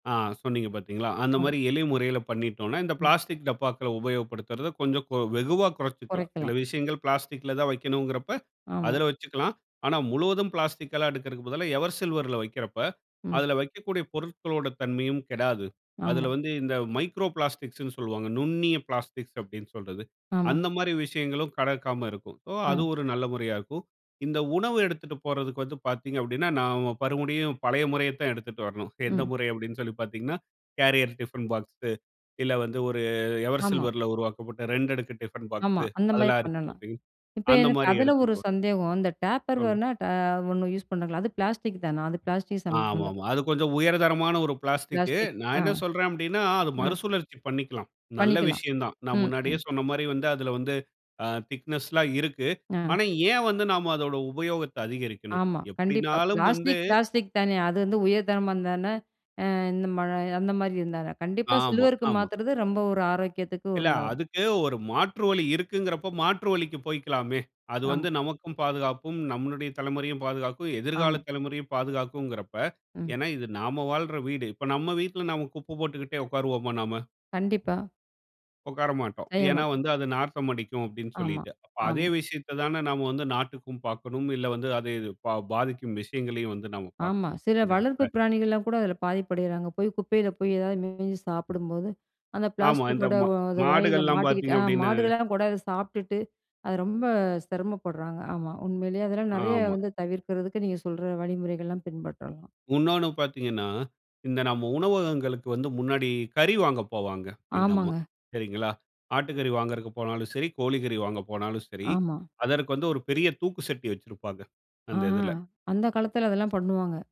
ஆ, சொன்னீங்க பார்த்தீங்களா? அந்த மாரி அம். எளிய முறையில பண்ணிட்டோம்ன்னா, இந்த ம். பிளாஸ்டிக் டப்பாக்கள உபயோகப்படுத்தறத கொஞ்சம் கொ வெகுவா கொறைச்சுக்கலாம். சில குறைக்கலாம். விஷயங்கள் பிளாஸ்டிக்ல தான் வைக்கணும்ங்கிறப்ப, ஆமா. அதுல வச்சுக்கலாம். ஆனா, முழுவதும் பிளாஸ்டிக்கல்லாம் எடுக்கறதுக்கு பதிலா எவர் சில்வர்ல வைக்கிறப்ப, ம். அதுல வைக்கக்கூடிய பொருட்களோட தன்மையும் கெடாது. அதுல ஆமா. வந்து இந்த மைக்ரோ பிளாஸ்டிக்ஸ்ன்னு சொல்லுவாங்க. 'நுண்ணிய பிளாஸ்டிக்ஸ்' அப்டீன்ன்னு சொல்றது. ஆமா. அந்த மாரி விஷயங்களும் கடக்காம இருக்கும். ஓ அது ஆ. ஒரு நல்ல முறையா இருக்கும். இந்த உணவு எடுத்துட்டு போறதுக்கு வந்து பார்த்தீங்க அப்படீன்னா, நாம மறுபடியும் பழைய முறையைத் தான் எடுத்துட்டு வரணும். எந்த ம். முறை? அப்டீன்னு சொல்லி பார்த்தீங்கன்னா, கேரியர் டிஃபன் பாக்ஸு, இல்ல வந்து ஒரு எவர் ஆமா. சில்வர்ல உருவாக்கப்பட்ட ரெண்டடுக்கு டிஃபன் ஆமா. பாக்ஸு, அந்த மாரி அதெல்லாம் இருக்கு பண்ணலாம். பார்த்தீங்க, இப்ப அந்த எனக்கு மாரி அதுல ஒரு எடுத்துக்கலாம். சந்தேகம். இந்த டேப்பர் [unintelligible] வேர்ணா ட ஒண்ணு யூஸ் பண்றாங்கல்ல, அது பிளாஸ்டிக் தானா? அது பிளாஸ்டிக் சம்மந்தப் ஆமாமா. அது கொஞ்சம் உயர்தரமான ஒரு பிளாஸ்டிக்கு. பிளாஸ்டிக், நா அ. என்ன சொல்றேன் அப்டீன்னா, அது அ. மறுசுழற்சி பண்ணிக்கலாம். நல்ல பண்ணிக்கலாம். விஷயந்தான். நா ம். முன்னாடியே ம். சொன்ன மாரி வந்து அதுல வந்து அ திக்னெஸ்லாம் இருக்கு. அ. ஆனா ஏன் வந்து நாம அதோட உபயோகத்த அதிகரிக்கணும்? ஆமா. கண்டிப்பா. எப்டின்னாலும் வந்து பிளாஸ்டிக், பிளாஸ்டிக் தான. அது வந்து உயர் தரமா இருந்தா என்ன? அ இந்த மல அந்த மாரி இருந்தா என்ன? கண்டிப்பா ஆமா, சில்வருக்கு ஆமா. மாத்துறது, ரொம்ப ஒரு ஆரோக்கியத்துக்கு இல்ல, உண்டாகும். அதுக்கு ஒரு மாற்று வழி இருக்குங்கிறப்ப, மாற்று வழிக்கு போய்க்கலாமே. அது ஆம். வந்து நமக்கும் பாதுகாப்பும், நம்முளுடைய தலைமுறையும் பாதுகாக்கும், எதிர்கால ஆமா. தலைமுறையும் பாதுகாக்கும்ங்கிறப்ப ம். ஏன்னா, இது நாம வாழ்ற வீடு. இப்ப நம்ம வீட்ல நம்ம குப்ப போட்டுக்கிட்டே உட்காருவோமா நாம? கண்டிப்பா. உட்கார மாட்டோம். செய்ய ஏன்னா மாட்டோம். வந்து, "அது நாற்றம் அடிக்கும்." அப்டீன்னு ஆமா, சொல்லீட்டு. அதே ஆமா. விஷயத்த தான, நாம வந்து நாட்டுக்கும் பார்க்கணும். இல்ல வந்து அது இது பா பாதிக்கும் விஷயங்களையும் வந்து நாம ஆமா. பார்க்கணும், சில அந்த வளர்ப்பு இடத்துல. பிராணிகள்லாம் கூட அதுல பாதிப்பு அடையிறாங்க. போய் குப்பையில போய் ஏதாவது மேஞ்சு சாப்பிடும்போது, அந்த ஆமா இந்த பிளாஸ்டிக்கோட மா ஒ அது வாயில மாடுகள்லாம் மாட்டிக்கிட்டு பார்த்தீங்க அ அப்டீன்னா மாடுகள்லாம் கூட அத சாப்ட்டுட்டு, அது ரொம்ப சிரமப்படுறாங்க. ஆமா, உண்மையிலே அதெல்லாம் நெறைய ஆமா. வந்து தவிர்க்கிறதுக்கு, நீங்க சொல்ற வழிமுறைகள்லாம் பின்பற்றலாம். உன்னொன்னு பார்த்தீங்கன்னா, இந்த நம்ம உணவகங்களுக்கு வந்து, முன்னாடி கறி வாங்க போவாங்க, எங்க அம்மா, ஆமாங்க. சரிங்களா? ஆட்டு கறி வாங்குறக்கு போனாலும் சரி, கோழிக்கறி வாங்க போனாலும் சரி, ஆமா. அதற்கு வந்து ஒரு பெரிய தூக்கு சட்டி வச்சுருப்பாங்க, ஆ. அந்த இதுல. அந்த காலத்தில அதெல்லாம் பண்ணுவாங்க.